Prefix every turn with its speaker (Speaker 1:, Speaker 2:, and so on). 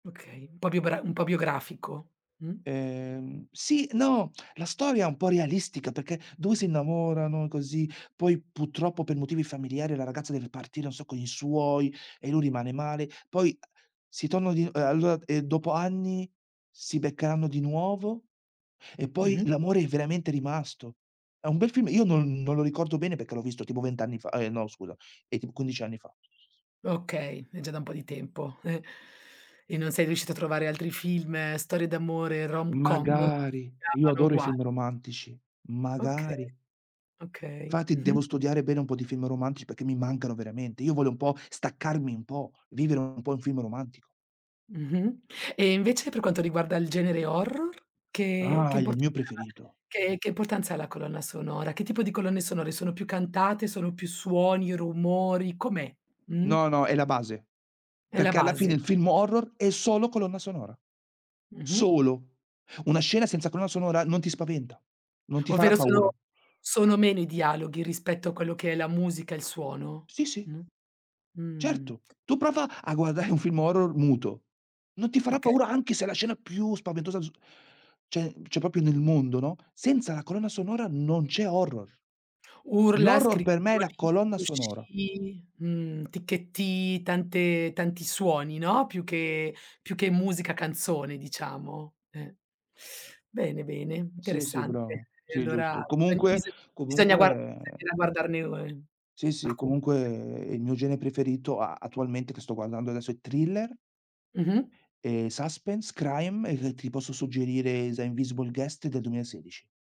Speaker 1: Okay, un po' biogra un po' biografico, mh?
Speaker 2: Ehm, sì no, la storia è un po' realistica, perché 2 si innamorano così, poi purtroppo per motivi familiari, la ragazza deve partire, non so con i suoi, e lui rimane male; poi, uh, si tonno di uhm, allora e dopo anni, si beccheranno di nuovo, e poi
Speaker 1: Mh-mh.
Speaker 2: l'amore è veramente rimasto. È un bel film, io non non lo ricordo bene, perché l'ho visto tipo 20 anni fa ehm, no scusa, ehm, tipo 15 anni fa.
Speaker 1: Okay, è già da un po' di tempo, e e non sei riuscito a trovare altri film, storie d'amore, rom-com. Si
Speaker 2: Magari! Io
Speaker 1: chiamano
Speaker 2: adoro i
Speaker 1: uguali.
Speaker 2: film romantici,
Speaker 1: Okay,
Speaker 2: magari!
Speaker 1: okay.
Speaker 2: Infatti,
Speaker 1: Mh-mh.
Speaker 2: devo studiare bene un po' di film romantici, perché mi mancano veramente, io voglio un po' staccarmi un po', vivere un po' un film romantico.
Speaker 1: Mh-mh. E invece per quanto riguarda il genere horror, che che
Speaker 2: Ah! Il
Speaker 1: importanza
Speaker 2: mio
Speaker 1: ha
Speaker 2: preferito.
Speaker 1: la che importanza ha la colonna sonora? Che tipo di colonne sonore, sono più cantate, sono più suoni, rumori? Com'è, mh?
Speaker 2: No, no, è la base.
Speaker 1: È la
Speaker 2: Perché alla
Speaker 1: base.
Speaker 2: fine, il film horror è solo colonna sonora.
Speaker 1: Mh-mh.
Speaker 2: Solo! Una scena senza colonna sonora non ti spaventa, non ti farà
Speaker 1: Ovvero
Speaker 2: paura.
Speaker 1: solo sono meno i dialoghi, rispetto a quello che è la musica e il suono,
Speaker 2: Sì, sì.
Speaker 1: mh? Mh.
Speaker 2: Certo, tu prova a guardare un film horror muto; non ti farà
Speaker 1: Okay.
Speaker 2: paura anche se la scena più spaventosa z cioè- cioè, proprio nel mondo, no, senza la colonna sonora non c'è horror.
Speaker 1: Urla,
Speaker 2: L'horror per me è la
Speaker 1: scricchiolii,
Speaker 2: colonna sonora.
Speaker 1: fruscii, mhmm, ticchettii, tante tanti suoni, no, più che più che musica canzone, diciamo, ehm. Bene, bene,
Speaker 2: Sì, sì
Speaker 1: interessante.
Speaker 2: bravo.
Speaker 1: E
Speaker 2: Sì
Speaker 1: allora,
Speaker 2: giusto.
Speaker 1: biso
Speaker 2: Comunque
Speaker 1: bisogna bisogna
Speaker 2: comunque,
Speaker 1: guar
Speaker 2: ehm
Speaker 1: bisognerà guardarne un
Speaker 2: Sì, sì,
Speaker 1: alcu
Speaker 2: comunque il mio gene preferito, a attualmente che sto guardando adesso è thriller.
Speaker 1: Mh-mh.
Speaker 2: Ehm, suspense, crime e ti posso suggerire, The Invisible Guest del 2016.